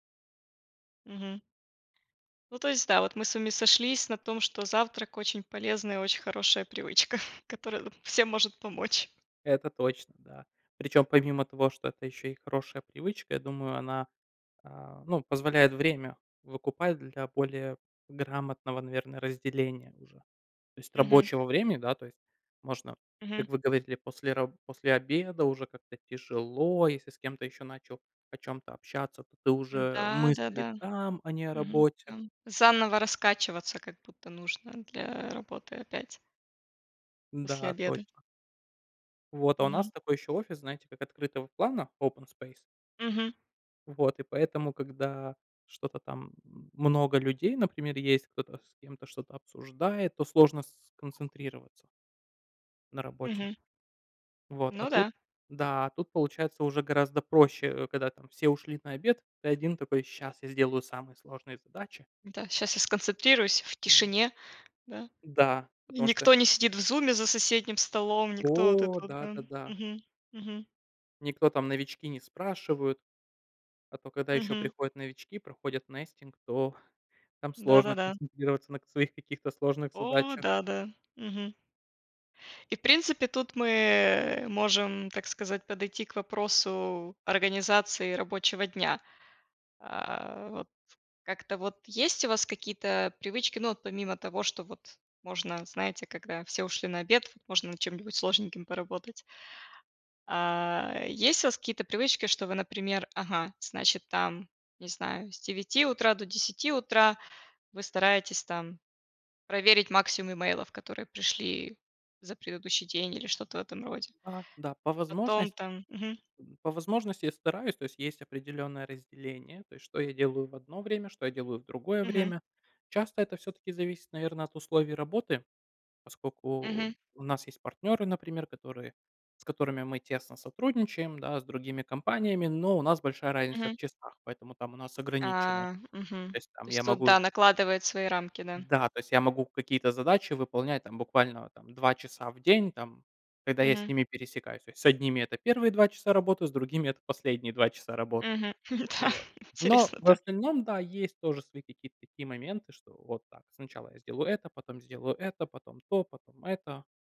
Мгм. Ну, то есть да, вот мы с вами сошлись на том, что завтрак- очень полезная, очень хорошая привычка, которая всем может помочь. Это точно, да. Причем, помимо того, что это еще и хорошая привычка, я думаю, она, а, ну, позволяет время выкупать для более грамотного, наверно, разделения уже. То есть Мгм. рабочего времени, да. То есть можно, Мгм. как вы говорили, после ра после обеда уже как-то тяжело, если с кем-то еще начал о чём-то общаться, то ты уже М-да, мысли да-да. там, а не о Мгм, работе. да. Заново раскачиваться как будто нужно для работы опять после Да, обеда. точно. Вот, а у нас Мгм. такой еще офис, знаете, как открытого плана- open space. Мгм. Вот, и поэтому, когда что-то там, м, много людей, например, есть, кто-то с кем-то что-то обсуждает, то сложно с сконцентрироваться на работе. Мгм. Вот, а Ну тут да. Да, а тут, получается, уже гораздо проще, э, когда там все ушли на обед, ты один такой: "Щас я сделаю самые сложные задачи". Да. "Щас я сконцентрируюсь в тишине." Да? Да, И потому что никто не сидит в зуме за соседним столом. Никто вот это О, вот, да. да-да-да. Мгм. Мгм. Никто там новички не спрашивают. А то когда еще Мгм. приходят новички, проходят nesting, то там сложно Да-да-да. концентрироваться на к своих каких-то сложных О, задачах. да-да. Мгм. И, в принципе, тут мы, э, можем, так сказать, подойти к вопросу организации рабочего дня. А, вот как-то вот есть у вас какие-то привычки, ну вот помимо того, что вот можно, знаете, когда все ушли на обед, можно над чем-нибудь сложненьким поработать? А, есть у вас какие-то привычки, что вы, например, ага, значит там, не знаю, с 9 утра до 10 утра вы стараетесь там проверить максимум эмейлов, которые пришли за предыдущий день или что то в этом роде? Да-да, по Потом возможности там Мгм. по возможности я стараюсь. То есть есть определённое разделение. То есть что я делаю в одно время, что я делаю в другое Мгм. время. Часто это всё-таки зависит, наверно, от условий работы. Мгм. Поскольку у нас есть партнеры, например, которые с которыми мы тесно сотрудничаем, да, с другими компаниями, но у нас большая разница в Мгм. часах, поэтому там у нас ограничено. А. Мгм. То есть То там я есть тут могу да, накладывает свои рамки, да? Да, то есть я могу какие-то задачи выполнять там буквально там 2 часа в день там, когда я с Мгм. ними пересекаюсь. То есть с одними это первые 2 часа работы, с другими это последние 2 часа работы. Мгм. Да. Вот. Но Интересно, в да. остальном, да, есть тоже свои какие-то такие моменты, что вот так, сначала я сделаю это, потом сделаю это, потом то, потом это.